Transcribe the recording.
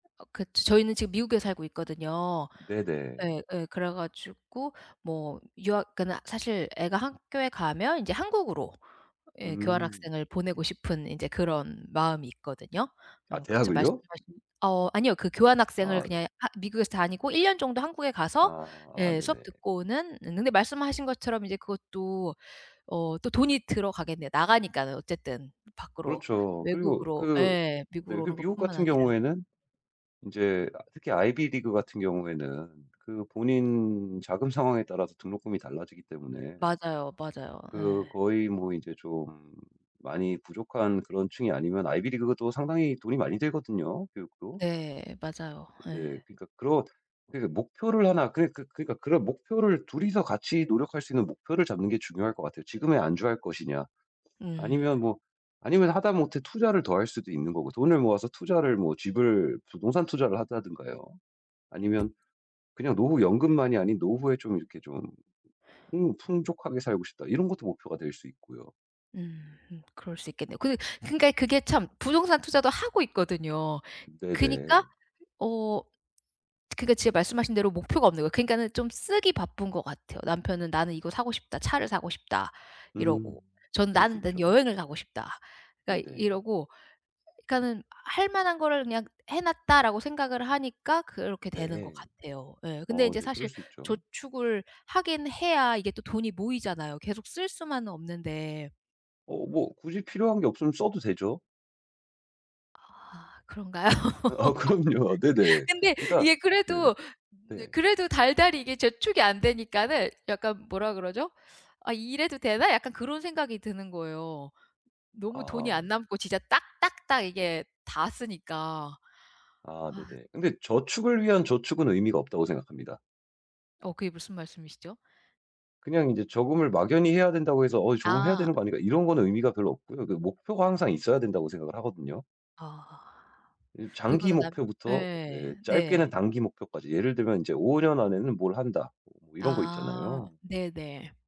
어 그 지 저희는 지금 미국에 살고 있거든요. 네네. 예 예 그래 가지고 뭐 유학 그러니까 사실 애가 학교에 가면 이제 한국으로 예 음. 교환학생을 보내고 싶은 인제 그런 마음이 있거든요. 아 어 그쵸 대학을요? 말씀하신 어 아니요. 그 교환 학생을 아. 그냥 하 미국에서 다니고 1 년 정도 한국에 가서 아 아 예 네네. 수업 듣고는 응 근데 말씀하신 것처럼 이제 그것도 어 또 돈이 들어가겠네요. 나가니까는 어쨌든 밖으로 그렇죠. 그리고 외국으로 그 예 네 미국으로 그 오는 것 뿐만 미국같은 아니라. 경우에는 인제 아 특히 아이비리그 같은 경우에는 그 본인 자금 상황에 따라서 등록금이 달라지기 때문에 맞아요, 맞아요. 그 예. 거의 뭐 이제 좀 많이 부족한 그런 층이 아니면 아이비리그도 상당히 돈이 많이 들거든요 교육도. 네 맞아요. 예. 네 그러니까 그런 그러니까 목표를 1 그런 그 그러니까 그런 목표를 2 이서 같이 노력할 수 있는 목표를 잡는 게 중요할 것 같아요. 지금에 안주할 것이냐. 음. 아니면 뭐 아니면 하다못해 투자를 더할 수도 있는거고 돈을 모아서 투자를 뭐 집을 부동산 투자를 한다든가요. 아니면 그냥 노후 연금만이 아닌 '노후에 좀 이렇게 좀 풍 풍족하게 살고 싶다.' 이런 것도 목표가 될 수 있고요. 음음. 그럴 수 있겠네요. 그렇고 그러니까 그게 참 부동산 투자도 하고 있거든요. 그니까 네네. 어 그러니까 제가 말씀하신 대로 목표가 없는 거예요. 그러니까는 좀 쓰기 바쁜 것 같아요. 남편은 "나는 이거 사고 싶다. 차를 사고 싶다." 음. 이러고. 전 그럴 수 "나는 난 있죠. 여행을 가고 싶다." 그러니까 네네. 이러고 그러니까는 '할 만한 거를 그냥 해 놨다.'라고 생각을 하니까 그렇게 되는 것 네. 같아요 예. 근데 어 이제 네 그럴 사실 수 있죠. 저축을 하긴 해야 이게 또 돈이 모이잖아요. 계속 쓸 수만은 없는데. 어 뭐 굳이 필요한 게 없으면 써도 되죠. 아 그런가요? 아 그럼요. 네네. 근데 그러니까 이게 네네 그래도 으 네. 그래도 달달이 이게 저축이 안 되니까는 약간 뭐라 그러죠? '아 이래도 되나?' 약간 그런 생각이 드는 거예요. 너무 돈이 안 아. 남고 진짜 딱 딱 딱 이게 다 쓰니까. 아 아. 네네. 근데 저축을 위한 저축은 의미가 없다고 생각합니다. 어 그게 무슨 말씀이시죠? 그냥 인제 저금을 막연히 해야 된다고 해서 '어 저금을 해야 아. 되는 거 아닌가?' 이런 거는 의미가 별로 없고요. 그 목표가 항상 있어야 된다고 생각을 하거든요. 어. 이제 장기 그거는 남 목표부터 예. 네 짧게는 네. 단기 목표까지 예를 들면 인제 '5 년 안에는 뭘 한다.' 어 이런거 아 있잖아요. 네네.